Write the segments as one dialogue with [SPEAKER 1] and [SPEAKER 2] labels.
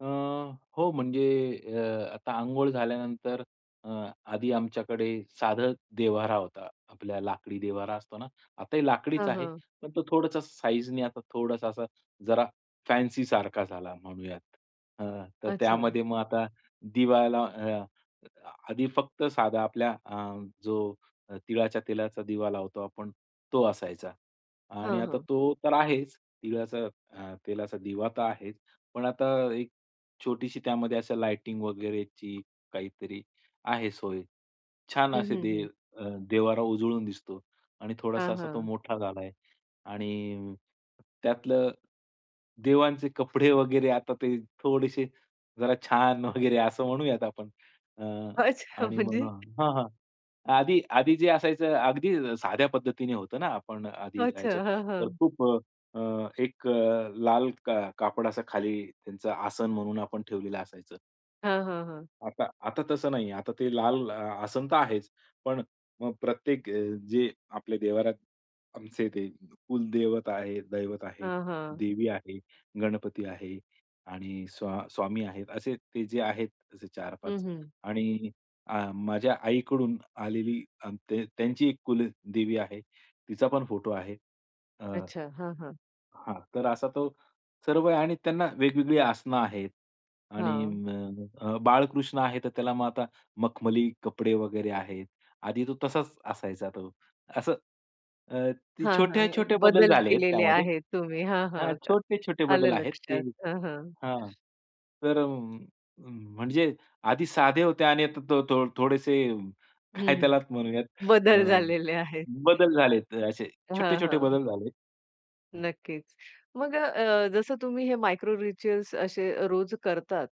[SPEAKER 1] अ, हो म्हणजे अ, आता अंघोळ झाल्यानंतर अ, आधी आमच्याकडे साधं देव्हारा होता. आपला लाकडी देव्हारा असतो ना, आता ही लाकडीच
[SPEAKER 2] हां,
[SPEAKER 1] आहे
[SPEAKER 2] हां.
[SPEAKER 1] पण तो थोडासा साईजनी आता थोडासा असा जरा फॅन्सीसारखा झाला म्हणूयात. अ, तर
[SPEAKER 2] अच्छा.
[SPEAKER 1] त्यामध्ये मग आता दिवाला अ, आधी फक्त साधा आपल्या अ, जो तिळाच्या तेलाचा दिवा लावतो आपण तो असायचा. आणि
[SPEAKER 2] हां,
[SPEAKER 1] आता
[SPEAKER 2] हां.
[SPEAKER 1] तो तर आहेच तिळाचा अ, तेलाचा दिवा तर आहेच. पण आता एक छोटीशी त्यामध्ये लाइटिंग वगैरेची काहीतरी आहे सोय. छान
[SPEAKER 2] हं,
[SPEAKER 1] असे
[SPEAKER 2] हं,
[SPEAKER 1] दे
[SPEAKER 2] हं.
[SPEAKER 1] अ, देव्हारा उजळून दिसतो आणि थोडासा
[SPEAKER 2] हां,
[SPEAKER 1] असा तो
[SPEAKER 2] हां.
[SPEAKER 1] मोठा झाला आहे. आणि त्यातलं देवांचे कपडे वगैरे आता ते थोडेसे जरा छान वगैरे असं म्हणूयात आपण. अ,
[SPEAKER 2] अच्छा
[SPEAKER 1] आणि मग
[SPEAKER 2] म्हणजे?
[SPEAKER 1] हां, हां. आधी, आधी जे असायचं, अगदी साध्या पद्धतीने होतं ना, आपण आधी
[SPEAKER 2] अच्छा.
[SPEAKER 1] राहायचो.
[SPEAKER 2] हां,
[SPEAKER 1] तर
[SPEAKER 2] हां.
[SPEAKER 1] खूप अ, अ, एक लाल का कापड असं खाली त्यांचं आसन म्हणून आपण ठेवलेलं असायचं.
[SPEAKER 2] हां, हां, हां.
[SPEAKER 1] आता, आता तसं नाहीये. आता ते लाल आसन तर आहेच पण मग प्रत्येक जे आपले देव्हारात आमचे ते कुलदेवत आहेत, दैवत आहे,
[SPEAKER 2] हां, हां.
[SPEAKER 1] देवी आहे, गणपती आहे आणि स्वा स्वामी आहेत असे ते जे आहेत असे चार
[SPEAKER 2] हं,
[SPEAKER 1] पाच
[SPEAKER 2] हं.
[SPEAKER 1] आणि अ, माझ्या आईकडून आलेली अ, त्यांची एक कुलदेवी आहे. तिचा पण फोटो आहे. अ
[SPEAKER 2] अच्छा. हां, हां.
[SPEAKER 1] हां, तर असा तो सर्व आहे आणि त्यांना वेगवेगळी आसनं आहेत. आणि
[SPEAKER 2] हां.
[SPEAKER 1] अ, बाळकृष्ण आहे. तर त्याला मग आता मखमली कपडे वगैरे आहेत. आधी तो तसाच असायचा तो. असं अ, ते
[SPEAKER 2] हां, हां.
[SPEAKER 1] छोटे-छोटे बदल
[SPEAKER 2] बदल
[SPEAKER 1] झाले आहेत
[SPEAKER 2] केलेले
[SPEAKER 1] त्यामध्ये
[SPEAKER 2] आहेत तुम्ही. हां,
[SPEAKER 1] हां.
[SPEAKER 2] हां का
[SPEAKER 1] छोटे-छोटे
[SPEAKER 2] आलं
[SPEAKER 1] बदल आहेत, ते
[SPEAKER 2] लक्षात. हां, हां.
[SPEAKER 1] हां तर अ, म्हणजे आधी साधे होते आणि आता त तो थोडेसे
[SPEAKER 2] हं,
[SPEAKER 1] काय
[SPEAKER 2] हं.
[SPEAKER 1] त्याला म्हणूयात अ,
[SPEAKER 2] बदल झालेले आहेत.
[SPEAKER 1] बदल झालेत असे
[SPEAKER 2] हां,
[SPEAKER 1] छोटे-छोटे
[SPEAKER 2] हां.
[SPEAKER 1] बदल झाले आहेत, हां.
[SPEAKER 2] नक्कीच. मग अ, जसं तुम्ही हे मायक्रो रिच्युअल्स असे अ, रोज करतात,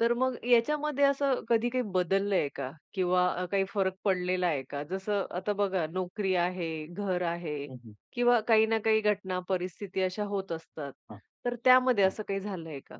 [SPEAKER 2] तर मग याच्यामध्ये असं कधी काही बदललंय का? किंवा काही फरक पडलेला आहे का? जसं आता बघा, नोकरी आहे, घर आहे
[SPEAKER 1] हं, हं.
[SPEAKER 2] किंवा काही ना काही घटना परिस्थिती अशा होत असतात
[SPEAKER 1] हां.
[SPEAKER 2] तर त्यामध्ये
[SPEAKER 1] हां.
[SPEAKER 2] असं काही झालंय का?